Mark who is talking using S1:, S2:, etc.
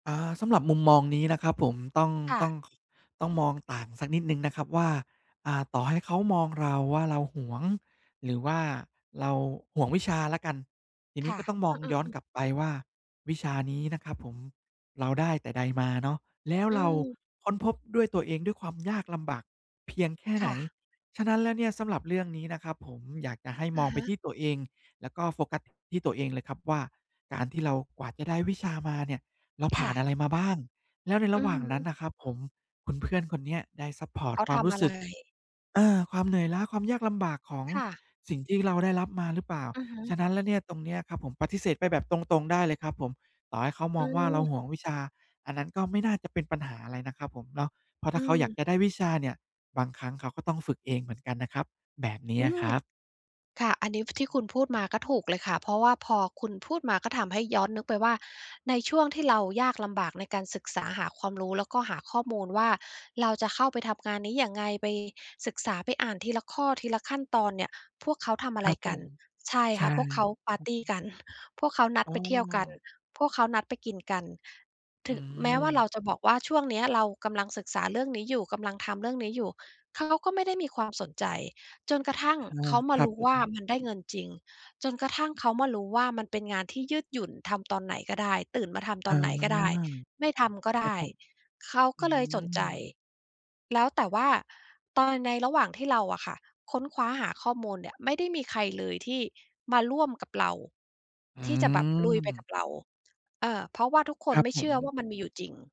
S1: อา สำหรับมุมมองนี้นะครับผม ต้อง
S2: ค่
S1: ต้อ
S2: ะ
S1: ง ข ต้องมองต่างสักนิดหนึ่งนะครับว่า อ่า ต่อให้เขามองเราว่าเราหวง หรือว่าเราหวงวิชาแล้วกัน ทีน
S2: ค
S1: ี้
S2: ่ะ
S1: ก็ต้องม
S2: อ
S1: อ
S2: ื
S1: งย
S2: ม
S1: ้อน
S2: ๆ ๆ
S1: กลับไปว่าวิชานี้นะครับผมเราได้แต่ใดมาเนาะ แล้ว
S2: อื
S1: เรา
S2: ม
S1: ค้นพบด้วยตัวเอง ด้วยความยากลำบากเพียงแค่
S2: ค
S1: ไหน
S2: ่ะ
S1: ฉะนั้นแล้วเนี่ย สำหรับเรื่องนี้นะครับผม อยากจะให้ม
S2: อะ
S1: องไ
S2: ฮ
S1: ปท
S2: ะ
S1: ี่ตัวเอง แล้วก็โฟกัสที่ตัวเองเลยครับว่า การที่เรากว่าจะได้วิชามาเนี่ย เราผ
S2: ค
S1: ่
S2: ่
S1: านอ
S2: ะ
S1: ะไรมาบ้าง แล้วในร
S2: อื
S1: ะหว
S2: อ
S1: ่า
S2: ฮ
S1: งนั้
S2: ึ
S1: นนะครับผม คุณเพื่อนคนเนี้ยได้ซัปพอร
S2: เ
S1: ์ต
S2: ขา
S1: ควา
S2: ท
S1: มร
S2: ำ
S1: ู้
S2: อะ
S1: ส
S2: ไ
S1: ึ
S2: ร?
S1: ก อา ความเหนื่อยล้า ความยากลำบากของ
S2: ค่ะ
S1: สิ่งที่เราได้รับมาหรือเปล่า
S2: อือฮ
S1: ฉ
S2: ึ
S1: ะนั้นแล้วเนี่ยตรงเนี้ยครับผม ปฏิเสธไปแบบตรง ๆ ได้เลยครับผม ต่อให้เขาม
S2: อื
S1: องว่าเรา
S2: ม
S1: หวงวิชา อันนั้นก็ไม่น่าจะเป็นปัญหาอะไรนะครับผมเนาะ เพราะ
S2: อ
S1: ถ้
S2: ื
S1: าเขาอยากจะไ
S2: ม
S1: ด้วิชาเนี่ย บางครั้งเขาก็ต้องฝึกเองเหมือนกันนะครับ แบบเนี้
S2: อ
S1: ย
S2: ื
S1: อะค
S2: ม
S1: รับ
S2: ค่ะ อันนี้ที่
S1: อ
S2: ค
S1: ือ
S2: ุณพูดมาก็ถูกเลยค่ะ เพราะว่าพอคุณพูดมาก็ทำให้ย้อนนึกไป ว่าในช่วงที่เรายากลำบากในการศึกษาหาความรู้ แล้วก็หาข้อมูลว่าเราจะเข้าไปทำงานนี้ยังไง ไปศึกษา ไปอ่านทีละข้อ ทีละขั้นตอนเนี่ย พวกเขาทำอะ
S1: ค
S2: ไ
S1: ร
S2: ร
S1: ับผ
S2: กัน
S1: ม
S2: ใช่
S1: ใช
S2: ค
S1: ่
S2: ่ะ พวก เขาปาร์ตี
S1: อะฮะ
S2: กัน พวกเขานัด
S1: อ๋
S2: ไปเที่ยวกัน
S1: อ
S2: พวกเขานัดไปกินกัน
S1: อ
S2: ถ
S1: ื
S2: ึงแม้ว่าเร
S1: ม
S2: าจะบอกว่าช่วงเนี้ยเรากำลังศึกษาเรื่องนี้อยู่ กำลังทำเรื่องนี้อยู่ เขาก็ไม่ได้มีความสนใจ จนกระทั่ง
S1: อา
S2: เขามา
S1: ครั
S2: ร
S1: บ
S2: ู้
S1: ผ
S2: ว่า
S1: ม
S2: มันได้เงินจริง จนกระทั่งเขามารู้ว่ามันเป็นงานที่ยืดหยุ่น ทำตอนไหนก็ได้ ตื่นมาทำต
S1: อ๋อ
S2: อนไหนก็ได้ ไม่ทำก็
S1: ค
S2: ไ
S1: รั
S2: ด
S1: บ
S2: ้
S1: ผม
S2: เขา
S1: อื
S2: ก็เลยสนใจ
S1: ม
S2: แล้ว แต่ว่าตอน ในระหว่างที่เราอะค่ะ ค้นคว้าหาข้อมูลเนี่ย ไม่ได้มีใครเลยที่มาร่วมกับเรา
S1: อื
S2: ที่จะแบบลุยไปก
S1: ม
S2: ับเรา เออ เพราะว่าทุกค
S1: ค
S2: น
S1: รับ
S2: ไม่
S1: ผ
S2: เชื่อ ว่
S1: ม
S2: ามันมีอยู่จริง